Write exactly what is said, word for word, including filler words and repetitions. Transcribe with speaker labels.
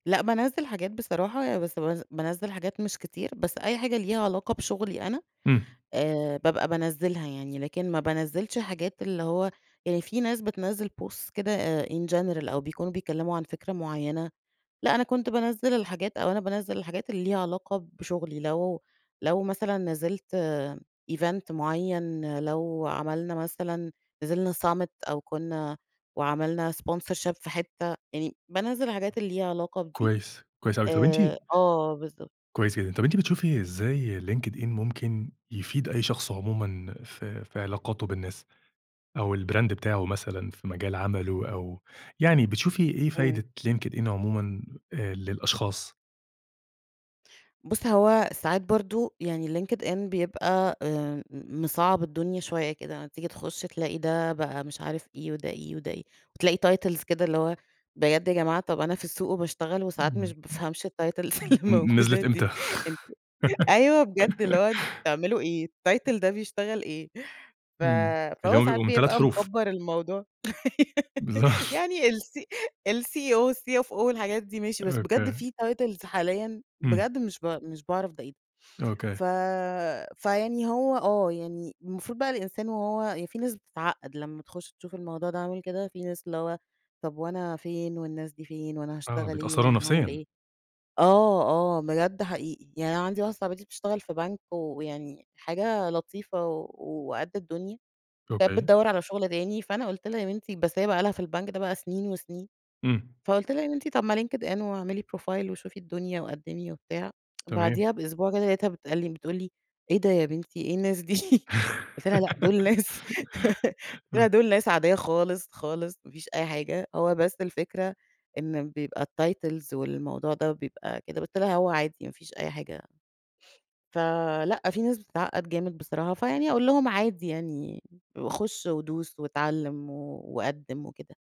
Speaker 1: لأ بانزّل حاجات بصراحة، ي بس بز بانزّل حاجات مش كتير، بس أي حاجة ليها علاقة بشغلي أنا،
Speaker 2: امم.
Speaker 1: آآ بابقى بانزّلها يعني لكن ما بانزّلش حاجات، اللي هو يعني في ناس بتنزّل Posts كده in general، أو بيكونوا بيتكلموا عن فكرة معيّنة، لأ أنا كنت بانزّل الحاجات أو أنا بانزّل الحاجات ليها علاقة بشغلي، لو لو مثلًا نزّلت event، معيّن، لو عملنا مثلًا نزّلنا summit، أو كنّا وعملنا sponsorship في حتّة، يعني بانزّل الحاجات اللي ليها علاقة بدي.
Speaker 2: كويس، كويس أوي طب أنتِ
Speaker 1: آآ آه بالضبط.
Speaker 2: كويس جدًا، طب أنتِ بتشوفي إزاي LinkedIn ممكن يفيد أي شخص عمومًا في في علاقاته بالناس، أو البراند بتاعه مثلًا في مجال عمله، أو يعني بتشوفي إيه
Speaker 1: إمم.
Speaker 2: فايدة LinkedIn عمومًا آآ للأشخاص؟
Speaker 1: بُص هو ساعات برضه يعني LinkedIn بيبقى آآ مصعّب الدنيا شويّة كده، أما تيجي تخش تلاقي ده بقى مش عارف إيه، وده إيه، وده إيه، وتلاقي titles كده اللي هو بجد يا جماعة، طب أنا في السوق وباشتغل
Speaker 2: امم،
Speaker 1: وساعات مش
Speaker 2: امم،
Speaker 1: بافهمش الtitles
Speaker 2: امم،
Speaker 1: اللي
Speaker 2: امم، نِ
Speaker 1: الموجودة
Speaker 2: نزلت
Speaker 1: دي،
Speaker 2: إمتى؟
Speaker 1: أنت أيوَه بجد اللي هو أنتم بتعملوا إيه؟ الtitle ده بيشتغل إيه؟ ف
Speaker 2: إمم اللي
Speaker 1: فهو
Speaker 2: هم
Speaker 1: ساعات
Speaker 2: بيبقوا من تلات
Speaker 1: بيبقى
Speaker 2: حروف.
Speaker 1: مكبّر الموضوع.
Speaker 2: بالضبط.
Speaker 1: يعني ال الCEO، والCFO والحاجات دي ماشي، بس بجد
Speaker 2: أوكي.
Speaker 1: في titles حاليًا
Speaker 2: امم.
Speaker 1: بجد مش ب مش باعرف ده إيه،
Speaker 2: أوكي.
Speaker 1: ف فيعني هو آه، يعني المفروض بقى الإنسان وهو في ناس بتتعقد لمّا تخش تشوف الموضوع ده عامل كده في ناس، اللي هو طب وأنا فين، والناس دي فين؟ وأنا
Speaker 2: آه
Speaker 1: هاشتغل إيه،
Speaker 2: بيتأثروا
Speaker 1: وأنا هاعمل
Speaker 2: نفسيًا.
Speaker 1: إيه؟ آه، آه، بجد حقيقي يعني أنا عندي واحدة صاحبتي بتشتغل في بنك ويعني حاجة لطيفة و و وقد الدنيا. كانت
Speaker 2: أوكي.
Speaker 1: بتدوّر على شغل تاني، فأنا قلت لها يا بنتي بس هي بقى لها في البنك ده بقى سنين وسنين،
Speaker 2: امم.
Speaker 1: فقلت لها: "يا بنتى، طب ما LinkedIn واعملى بروفايل وشوفي الدنيا وقدمى وبتاع."
Speaker 2: تمام.
Speaker 1: بعديها بأسبوع كده لقيتها بتسألني بتقول لي: "إيه ده يا بنتي إيه الناس دي؟" قُلت لها: "لأ، دول ناس" قُلت لها:
Speaker 2: امم.
Speaker 1: "دول ناس عادية خالص خالص، مافيش أي حاجة، هو بس الفكرة إن بيبقى الtitles والموضوع ده بيبقى كده." قُلت لها: "هو عادي ما فيش أي حاجة." فَلأ في ناس بتتعقد جامد بصراحة، فيعني أقول لهم عادي يعني خش ودوس واتعلم و وقدم وكده.